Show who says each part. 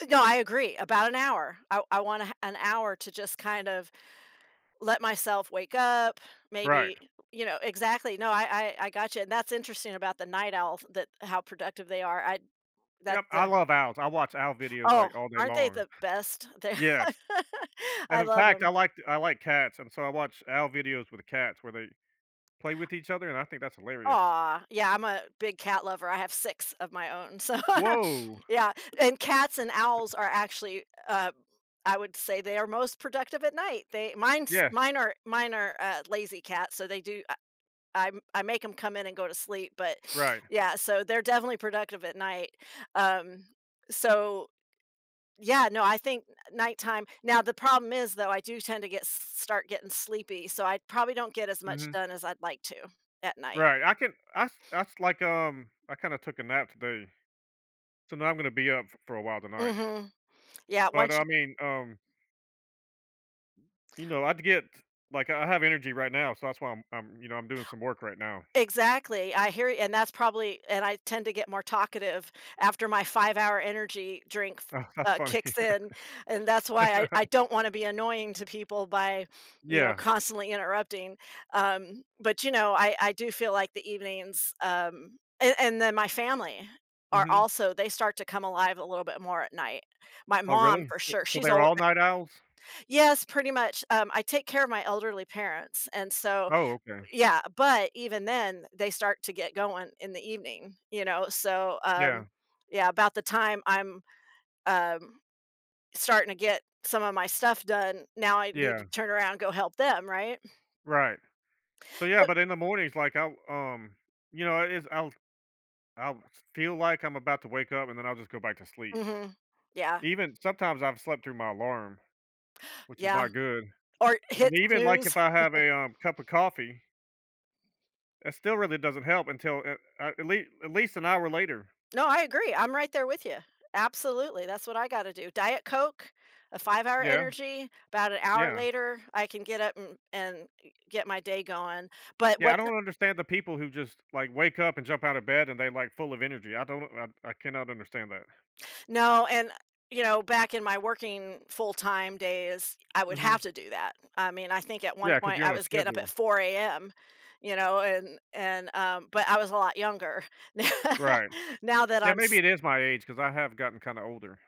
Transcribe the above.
Speaker 1: Uh, no, I agree, about an hour, I w I want a ha an hour to just kind of let myself wake up,
Speaker 2: Right.
Speaker 1: maybe, you know Exactly, no, I I I gotcha, and that's interesting about the night owls that how productive they are at that
Speaker 2: Yep, I
Speaker 1: the
Speaker 2: love owls, I watch owl videos,
Speaker 1: Oh,
Speaker 2: like, all day
Speaker 1: aren't they
Speaker 2: long.
Speaker 1: the best? They're
Speaker 2: Yes, and
Speaker 1: I
Speaker 2: in
Speaker 1: love
Speaker 2: fact, I
Speaker 1: 'em.
Speaker 2: like t I like cats, and so I watch owl videos with the cats where they play with each other, and I think that's hilarious.
Speaker 1: Aw. Yeah, I'm a big cat lover, I have 6 of my own. So,
Speaker 2: Woah.
Speaker 1: yeah, and cats and owls are actually, uh I would say, they are most productive at night. They Mine's
Speaker 2: Yeah.
Speaker 1: mine are mine are, uh, lazy cats, so they do, uh I m I make 'em come in and go to sleep, but,
Speaker 2: Right.
Speaker 1: yeah, so they're definitely productive at night. Um, so Yeah, no, I think nighttime. Now, the problem is, though, I do tend to get start getting sleepy, so I probably don't get as much
Speaker 2: Mhm.
Speaker 1: done as I'd like to at night.
Speaker 2: Right, I can I s I s like, um I kinda took a nap today, so now I'm gonna be up f for a while tonight
Speaker 1: Mhm, yeah,
Speaker 2: but,
Speaker 1: once
Speaker 2: I
Speaker 1: you
Speaker 2: mean, um you know, I'd get like, I have energy right now, so that's why I'm I'm you know, I'm doing some work right now.
Speaker 1: Exactly, I hear and that's probably and I tend to get more talkative after my 5-hour ENERGY drink f
Speaker 2: Oh, that's
Speaker 1: uh,
Speaker 2: funny.
Speaker 1: kicks in, and that's why I I don't wanna be annoying to people by, you know,
Speaker 2: Yeah.
Speaker 1: constantly interrupting, um, but, you know, I I do feel like the evenings, um a and then my family are
Speaker 2: Mhm.
Speaker 1: also they start to come alive a little bit more at night. My
Speaker 2: Oh,
Speaker 1: mom,
Speaker 2: really?
Speaker 1: for
Speaker 2: S
Speaker 1: sure,
Speaker 2: So
Speaker 1: she's
Speaker 2: they're
Speaker 1: ol
Speaker 2: all
Speaker 1: eh
Speaker 2: night owls?
Speaker 1: Yes, pretty much, um, I take care of my elderly parents, and so
Speaker 2: Oh, okay.
Speaker 1: Yeah, but even then, they start to get going in the evening, you know? So,
Speaker 2: Yeah.
Speaker 1: um, yeah, about the time I'm, um, starting to get some of my stuff done, now I need to
Speaker 2: Yeah.
Speaker 1: turn around go help them, right?
Speaker 2: Right. So, yeah
Speaker 1: Bu
Speaker 2: but in the mornings, like, I'll, um You know, i it's I'll I'll f feel like I'm about to wake up, and then I'll just go back to sleep.
Speaker 1: Mhm, yeah.
Speaker 2: Even Sometimes, I've slept through my alarm, which is
Speaker 1: Yeah,
Speaker 2: not good,
Speaker 1: or
Speaker 2: and
Speaker 1: hit
Speaker 2: even, like, if
Speaker 1: snooze.
Speaker 2: I have a, um, cup of coffee it still really doesn't help until a a at lea at least an hour later.
Speaker 1: No, I agree, I'm right there with you. Absolutely, that's what I gotta do, Diet Coke, a 5-hour
Speaker 2: Yeah.
Speaker 1: ENERGY, about an hour
Speaker 2: Yeah.
Speaker 1: later I can get up, mm, and get my day going. But
Speaker 2: Yeah, I
Speaker 1: what, uh
Speaker 2: don't understand the people who just, like, wake up, and jump outta bed, and they're, like, full of energy, I don't know I I cannot understand that.
Speaker 1: No, and, you know, back in my working full-time days, I would have
Speaker 2: Mhm.
Speaker 1: to do that. I mean, I think at one
Speaker 2: Yeah, 'cause
Speaker 1: point,
Speaker 2: you're
Speaker 1: I
Speaker 2: on a
Speaker 1: was getting up at
Speaker 2: schedule.
Speaker 1: 4 AM, you know, and and, um but I was a lot younger.
Speaker 2: Right.
Speaker 1: Now that
Speaker 2: Yeah,
Speaker 1: I'm
Speaker 2: maybe
Speaker 1: s
Speaker 2: it is my age 'cause I have gotten kinda older.